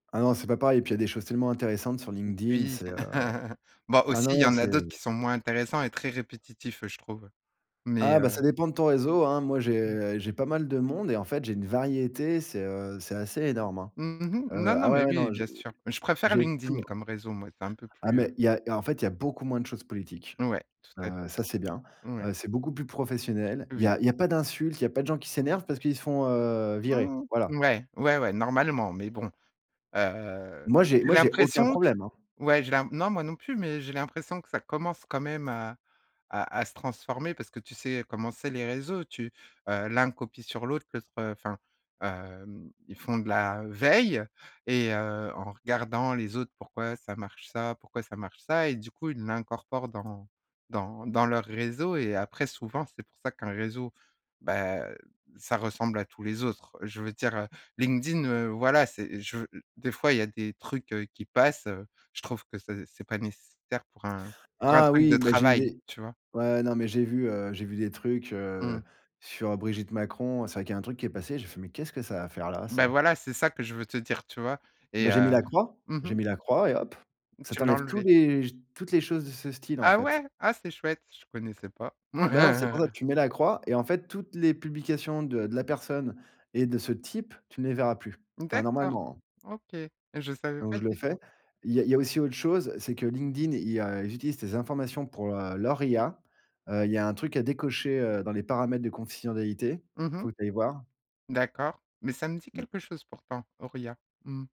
Non c'est pas pareil et puis, il y a des choses tellement intéressantes sur LinkedIn, Oui. c'est, heu, Bon ah aussi il y non, en c'est a d'autres qui sont moins intéressants et très répétitifs je trouve mais Ah, bah, heu ça dépend de ton réseau, hein. Moi, Mmh. j'ai j'ai pas mal de monde et en fait, j'ai une variété, c'est, heu, c'est assez énorme, hein. Mmh mh. Non, Ah non, ouais, mais ouais, oui, non, j'ai bien sûr. Je préfère j'ai de tout, LinkedIn hein. comme réseau moi, c'est un peu Ah, plus, heu mais il y a en fait, il y a beaucoup moins de choses politiques. Ouais, tout à Heu, fait. ça, c'est bien. Ouais. Heu, c'est beaucoup plus professionnel. Il y Oui. a il y a pas d'insultes, il y a pas de gens qui s'énervent parce qu'ils se font, heu, virer, voilà. Ouais, ouais, ouais normalement, mais bon. Heu, Moi, j'ai j'ai moi j'ai aucun l'impression q problème, hein. ouais j'ai l'im non moi non plus, mais j'ai l'impression que ça commence quand même, heu, à à à se transformer, parce que tu sais comment c'est les réseaux, tu l'un copie sur l'autre, enfin, heu, hem, ils font de la veille et heu, en regardant les autres pourquoi ça marche ça, pourquoi ça marche ça et du coup ils l'incorporent dans dans dans leurs réseaux et après souvent, c'est pour ça qu'un réseau, bah ça ressemble à tous les autres. Je veux dire LinkedIn, heu, voilà, c'est je des fois il y a des trucs, heu, qui passent, heu, je trouve que c'est pas nécessaire pour un pour un Ah truc de oui, mais j'ai eu travail, des tu vois? ouais non mais j'ai vu, heu, j'ai vu des trucs, heu, Mmh. sur Brigitte Macron, c'est vrai qu'il y a un truc qui est passé, j'ai fait: «Mais qu'est-ce que ça à faire là Bah ça?» voilà, c'est ça que je veux te dire tu vois et Bah j'ai mis j'ai mis heu la croix, mmh mh. j'ai mis la croix et hop, ça Tu l'as t'enlève tous enlevé? les toutes les choses de ce style, en Ah fait. ouais, ah c'est chouette, je ne connaissais pas. Ah bah non, c'est pour ça tu mets la croix et en fait toutes les publications de de la personne et de ce type, tu ne les verras plus. Enfin D'accord, normalement, heu OK. Je savais donc pas je le du tout. fais. Il y a il y a aussi autre chose, c'est que LinkedIn, il y a ils utilisent des informations pour, heu, leur IA. Il y a un truc à décocher, heu, dans les paramètres de confidentialité. Mmh Il mh. faut que tu ailles voir. D'accord, mais ça me dit Mmh. quelque chose pourtant, Auria, mmh.